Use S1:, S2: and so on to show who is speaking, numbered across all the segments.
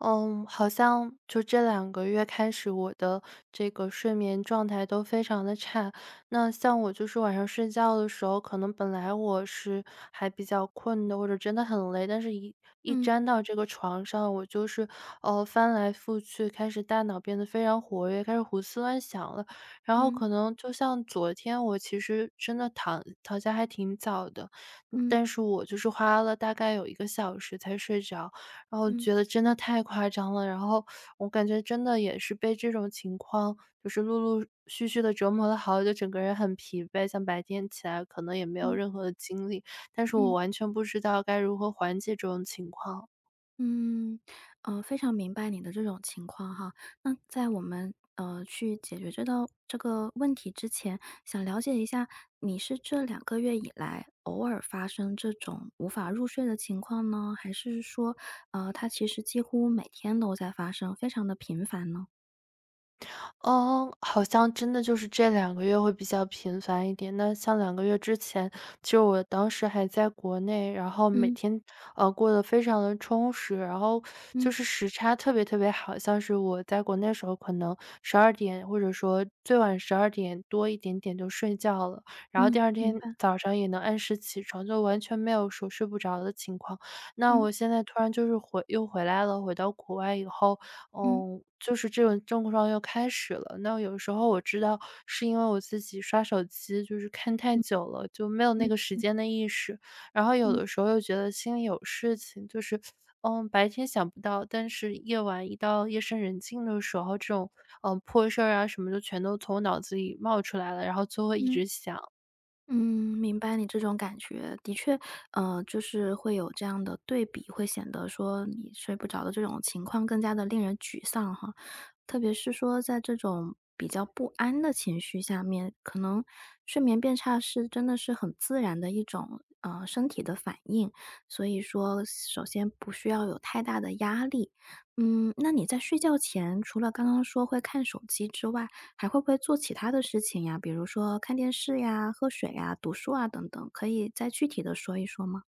S1: 嗯，好像就这2个月开始，我的这个睡眠状态都非常地差。那像我就是晚上睡觉的时候，可能本来我是还比较困的，或者真的很累，但是一一
S2: 嗯。
S1: 沾到这个床上，我就是，呃，翻来覆去，开始大脑变得非常活跃，开始胡思乱想了。然后
S2: 嗯。
S1: 可能就像昨天，我其实真的躺躺下还挺早的，
S2: 嗯。
S1: 但是我就是花了大概有1个小时才睡着。然后
S2: 嗯。
S1: 觉得真的太夸张了，然后我感觉真的也是被这种情况，就是陆陆续续地折磨得好久就整个人很疲惫，像白天起来可能也没有
S2: 嗯。
S1: 任何的精力，但是我
S2: 嗯。
S1: 完全不知道该如何缓解这种情况。
S2: 嗯，呃，非常明白你的这种情况哈，那在我们，呃，去解决这道这个问题之前，想了解一下，你是这2个月以来偶尔发生这种无法入睡的情况呢？还是说，呃，它其实几乎每天都在发生，非常地频繁呢？
S1: 嗯，好像真的就是这2个月会比较频繁一点。那像2个月之前，就我当时还在国内，然后每
S2: 嗯。
S1: 天，呃，过得非常得充实，然后
S2: 嗯。
S1: 就是时差特别特别好。像是我在国内的时候可能12点或者说最晚12点多一点点就睡觉了，然后
S2: 嗯，
S1: 第二天
S2: 明白。
S1: 早上也能按时起床，就完全没有说睡不着的情况。那
S2: 嗯。
S1: 我现在突然就是回又回来了，回到国外以后，
S2: 嗯。
S1: 嗯，就是这种症状又开始了。那有时候我知道是因为我自己刷手机就是看太
S2: 嗯。
S1: 久了，就没有那
S2: 明
S1: 个时
S2: 嗯。
S1: 间的意识。然后有
S2: 嗯。
S1: 的时候又觉得心里有事情，就是，呃，白天想不到，但是夜晚一到夜深人静的时候，这种，呃，破事儿啊什么的就全都从脑子里冒出来了，然后就会一
S2: 嗯。
S1: 直想。
S2: 嗯，明白你这种感觉。的确，呃，就是会有这样的对比，会显得说你睡不着的这种情况更加地令人沮丧哈。特别是说在这种比较不安的情绪下面，可能睡眠变差是真的是很自然的一种，呃，身体的反应。所以说首先不需要有太大的压力。嗯，那你在睡觉前除了刚刚说会看手机之外，还会不会做其他的事情呀？比如说看电视呀，喝水啊，读书啊等等，可以再具体地说一说吗？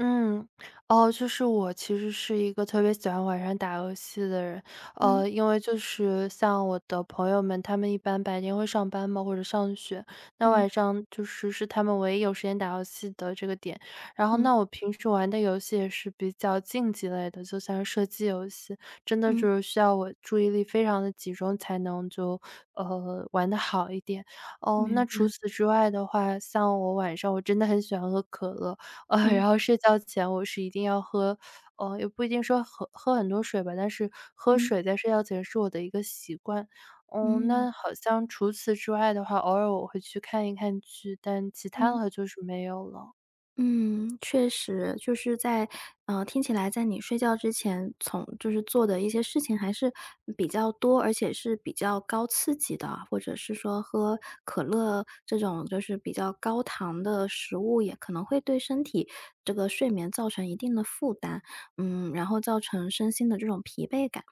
S1: 嗯，哦，就是我其实是一个特别喜欢晚上打游戏的人，
S2: 嗯。
S1: 呃，因为就是像我的朋友们，他们一般白天会上班嘛，或者上学，那
S2: 嗯。
S1: 晚上就是是他们唯一有时间打游戏的这个点。然后
S2: 嗯。
S1: 那我平时玩的游戏也是比较竞技类的，就像是射击游戏，真的
S2: 嗯。
S1: 就是需要我注意力非常地集中，才能就，呃，玩得好一点。哦，
S2: 明
S1: 那除
S2: 白。
S1: 此之外的话，像我晚上我真的很喜欢喝可乐，呃，然
S2: 嗯。
S1: 后睡觉前我是一定要喝呃，也不一定说喝喝很多水吧，但是喝
S2: 嗯。
S1: 水在睡觉前是我的一个习惯。嗯，
S2: 嗯。
S1: 那好像除此之外的话，偶尔我会去看一看剧，但其他
S2: 嗯。
S1: 的就是没有了。
S2: 嗯，确实，就是在呃，听起来在你睡觉之前，从就是做的一些事情还是比较多，而且是比较高刺激的，或者是说喝可乐这种就是比较高糖的食物，也可能会对身体这个睡眠造成一定的负担。嗯，然后造成身心的这种疲惫感。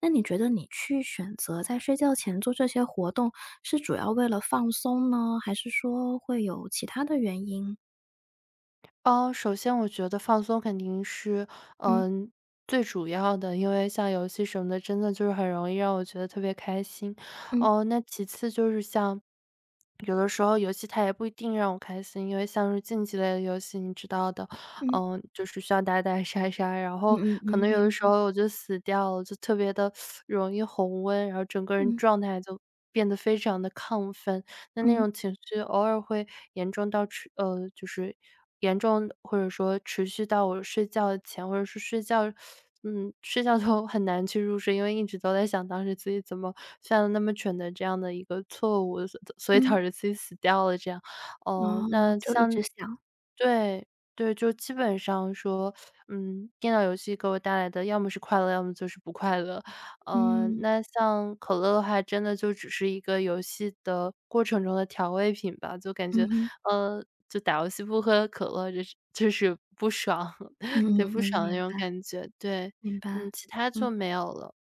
S2: 那你觉得你去选择在睡觉前做这些活动，是主要为了放松呢？还是说会有其他的原因？
S1: 哦，首先我觉得放松肯定是，
S2: 嗯。
S1: 嗯，最主要的，因为像游戏什么的，真的就是很容易让我觉得特别开心。
S2: 嗯。
S1: 哦，那其次就是像 有的时候游戏它也不一定让我开心，因为像是竞技类的游戏你知道的，
S2: 嗯。
S1: 呃，就是像打打杀杀。然
S2: 嗯
S1: 后
S2: 嗯
S1: 可
S2: 嗯，
S1: 能有的
S2: 明
S1: 时
S2: 白。
S1: 候我就死掉了，我就特别地 容易红温，然后整个人
S2: 嗯。
S1: 状态就变得非常地亢奋。那那
S2: 嗯。
S1: 种情绪偶尔会严重到持呃，就是严重或者说持续到我睡觉前或者是睡觉 嗯，睡觉都很难去入睡，因为一直都在想当时自己怎么犯了那么蠢的这样的一个错误，所所以导
S2: 嗯。
S1: 致自己死掉了这样。呃，
S2: 哦，
S1: 那
S2: 就一直
S1: 像
S2: 想。
S1: 对，对，就基本上说，嗯，电脑游戏给我带来的要么是快乐，要么就是不快乐。呃，
S2: 嗯。
S1: 那像可乐的话，真的就只是一个游戏的过程中的调味品吧，就感
S2: 嗯
S1: 觉，
S2: 哼。
S1: 呃，就打游戏不喝可乐就是就是不爽。
S2: 嗯
S1: 对，
S2: 嗯
S1: 不
S2: 嗯，
S1: 爽的那
S2: 明
S1: 种
S2: 白，
S1: 感觉。对，
S2: 明白，
S1: 嗯，其它就
S2: 嗯。
S1: 没有了。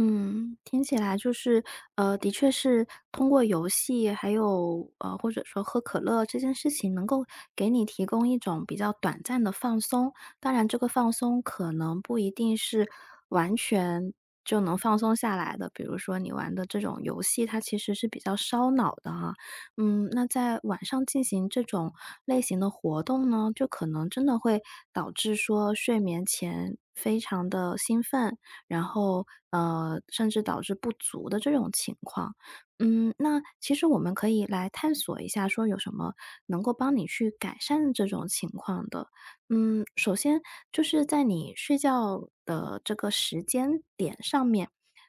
S2: 嗯，听起来就是，呃，的确是，通过游戏还有，呃，或者说喝可乐这件事情能够给你提供一种比较短暂的放松，当然这个放松可能不一定是完全就能放松下来的。比如说你玩的这种游戏，它其实是比较烧脑的啊，嗯，那在晚上进行这种类型的活动呢，就可能真的会导致说睡眠前非常地兴奋。然后，呃，甚至导致不足的这种情况，嗯，那其实我们可以来探索一下说有什么能够帮你去改善这种情况的。嗯，首先就是在你睡觉的这个时间点上面，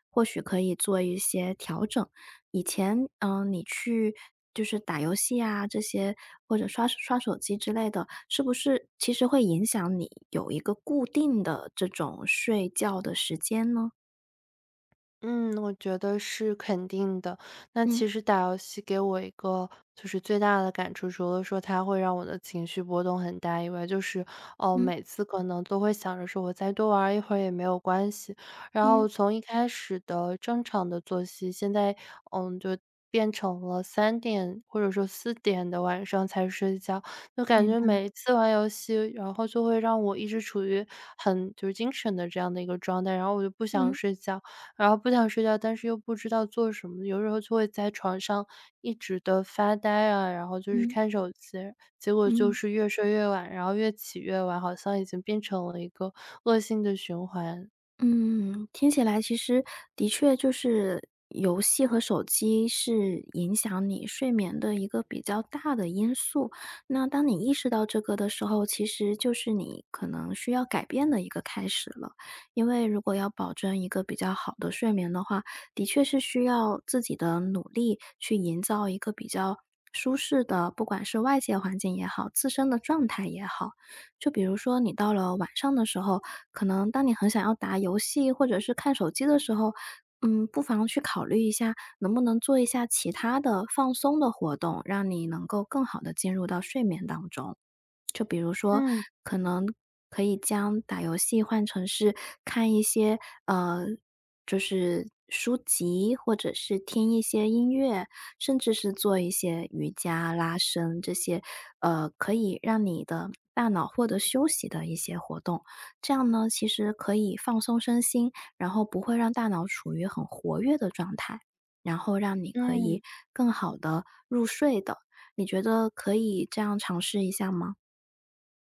S2: 或许可以做一些调整，以前，呃，你去就是打游戏啊这些，或者刷刷手机之类的，是不是其实会影响你有一个固定的这种睡觉的时间呢？
S1: 嗯，我觉得是肯定的，那其
S2: 嗯。
S1: 实打游戏给我一个就是最大的感触，除了说它会让我的情绪波动很大以外，就是，呃，
S2: 嗯。
S1: 每次可能都会想着说我再多玩儿一会儿也没有关系。然
S2: 嗯。
S1: 后从一开始的正常的作息，现在，嗯，就变成了3点，或者说4点的晚上才睡觉，就感
S2: 明
S1: 觉
S2: 白。
S1: 每一次玩游戏，然后就会让我一直处于很就精神的这样的一个状态。然后我就不想
S2: 嗯。
S1: 睡觉，然后不想睡觉，但是又不知道做什么，有时候就会在床上一直地发呆啊，然后就是
S2: 嗯。
S1: 看手机。结果就
S2: 嗯。
S1: 是越睡越晚，然后越起越晚，好像已经变成了一个恶性的循环。
S2: 嗯，听起来其实的确就是游戏和手机是影响你睡眠的一个比较大的因素。那当你意识到这个的时候，其实就是你可能需要改变的一个开始了。因为如果要保证一个比较好的睡眠的话，的确是需要自己的努力，去营造一个比较舒适的不管是外界环境也好，自身的状态也好。就比如说你到了晚上的时候，可能当你很想要打游戏或者是看手机的时候，嗯，不妨去考虑一下，能不能做一下其他的放松的活动？让你能够更好地进入到睡眠当中。就比如说，
S1: 嗯。
S2: 可能可以将打游戏换成是看一些，呃，就是书籍，或者是听一些音乐，甚至是做一些瑜伽拉伸这些，呃，可以让你的大脑获得休息的一些活动。这样呢，其实可以放松身心，然后不会让大脑处于很活跃的状态，然后让你可
S1: 嗯。
S2: 以更好地入睡的。你觉得可以这样尝试一下吗？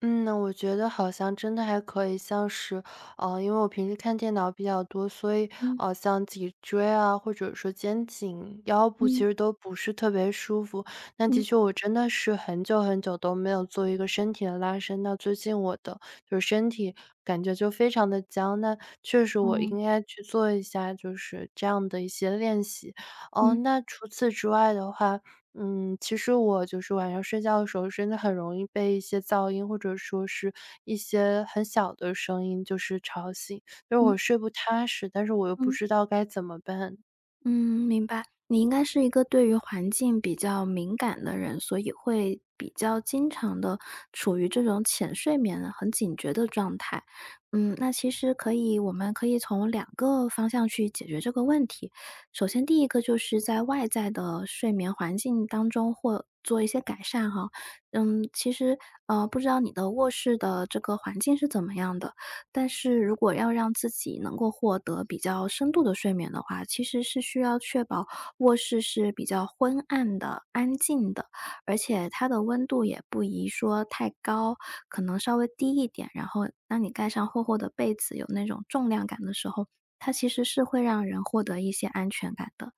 S1: 嗯，我觉得好像真的还可以。像是，呃，因为我平时看电脑比较多，所以，
S2: 嗯。
S1: 呃，像脊椎啊，或者说肩颈、腰部其
S2: 嗯。
S1: 实都不是特别舒服。但的
S2: 嗯。
S1: 确我真的是很久很久都没有做一个身体的拉伸，那最近我的就身体感觉就非常地僵。那确实我
S2: 哦。
S1: 应该去做一下，就是这样的一些练习。呃，
S2: 嗯。
S1: 那除此之外的话，嗯，其实我就是晚上睡觉的时候，真的很容易被一些噪音，或者说是一些很小的声音就是吵醒，因为
S2: 嗯。
S1: 我睡不踏实，但是我又不
S2: 嗯。
S1: 知道该怎么办。
S2: 嗯，明白。你应该是一个对于环境比较敏感的人，所以会比较经常地处于这种浅睡眠，很警觉的状态。嗯，那其实可以我们可以从2个方向去解决这个问题。首先第一个就是在外在的睡眠环境当中或做一些改善哈。嗯，其实，呃，不知道你的卧室的这个环境是怎么样的，但是如果要让自己能够获得比较深度的睡眠的话，其实是需要确保卧室是比较昏暗的、安静的，而且它的温度也不宜说太高，可能稍微低一点。然后当你盖上厚厚的被子，有那种重量感的时候，它其实是会让人获得一些安全感的。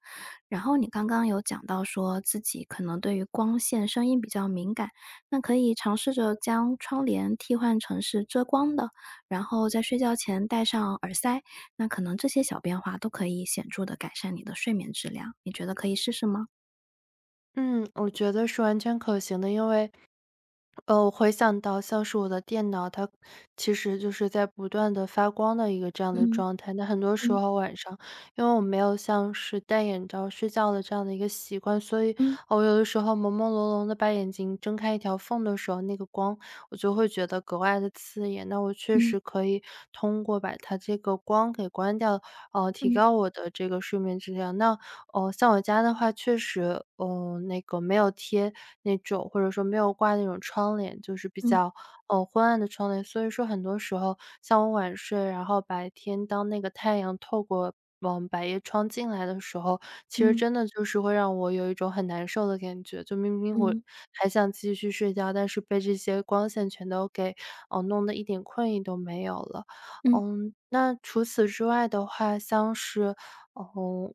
S2: 然后你刚刚有讲到说自己可能对于光线、声音比较敏感，那可以尝试着将窗帘替换成是遮光的，然后在睡觉前戴上耳塞。那可能这些小变化都可以显著地改善你的睡眠质量。你觉得可以试试吗？
S1: 嗯，我觉得是完全可行的，因为呃，回想到像是我的电脑，它其实就是在不断地发光的一个这样的
S2: 嗯，
S1: 状态。那很多时
S2: 嗯。
S1: 候晚上，因为我没有像是戴眼罩睡觉的这样的一个习惯，所以，
S2: 嗯。
S1: 我有的时候朦朦胧胧地把眼睛睁开一条缝的时候，那个光，我就会觉得格外地刺眼。那我确
S2: 嗯。
S1: 实可以通过把它这个光给关掉，呃，提
S2: 嗯。
S1: 高我的这个睡眠质量。那，呃，像我家的话确实，呃，那个没有贴那种或者说没有挂那种窗帘，就是比
S2: 嗯。
S1: 较，呃，昏暗的窗帘，所以说很多时候像我晚睡，然后白天当那个太阳透过往百叶窗进来的时候，其实
S2: 嗯。
S1: 真的就是会让我有一种很难受的感觉，就明明我
S2: 嗯。
S1: 还想继续睡觉，但是被这些光线全都给，呃，弄得一点困意都没有了。
S2: 嗯。
S1: 嗯，那除此之外的话，像是，呃，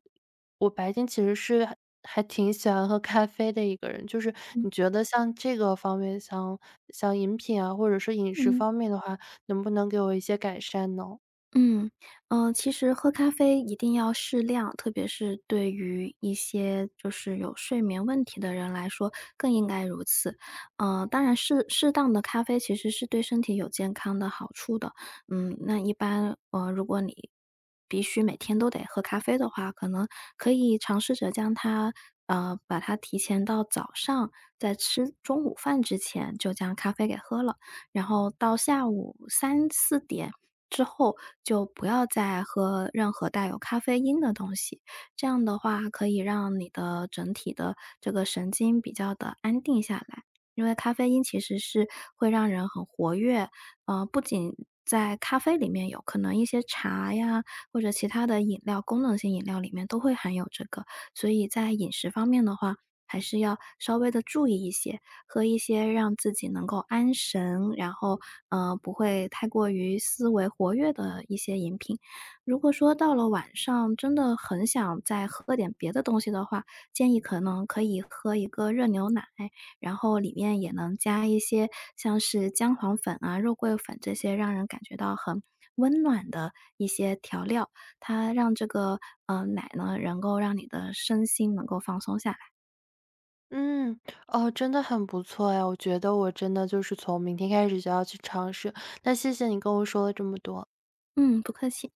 S1: 我白天其实是还挺喜欢喝咖啡的一个人，就是
S2: 嗯。
S1: 你觉得像这个方面，像像饮品啊，或者是饮食
S2: 嗯。
S1: 方面的话，能不能给我一些改善呢？
S2: 嗯，呃，其实喝咖啡一定要适量，特别是对于一些就是有睡眠问题的人来说，更应该如此，呃，当然适适当的咖啡其实是对身体有健康的好处的。嗯，那一般，呃，如果你，必须每天都得喝咖啡的话，可能可以尝试着将它呃，把它提前到早上，在吃中午饭之前就将咖啡给喝了。然后到下午3-4点之后，就不要再喝任何带有咖啡因的东西，这样的话可以让你的整体的这个神经比较地安定下来，因为咖啡因其实是会让人很活跃。呃，不仅在咖啡里面有，可能一些茶呀或者其他的饮料，功能性饮料里面都会含有这个，所以在饮食方面的话，还是要稍微地注意一些，喝一些让自己能够安神，然后，呃，不会太过于思维活跃的一些饮品。如果说到了晚上真的很想再喝点别的东西的话，建议可能可以喝一个热牛奶，然后里面也能加一些像是姜黄粉啊、肉桂粉这些让人感觉到很温暖的一些调料，它让这个呃，奶呢，能够让你的身心能够放松下来。
S1: 嗯，哦，真的很不错哟，我觉得我真的就是从明天开始就要去尝试，那谢谢你跟我说了这么多。
S2: 嗯，不客气。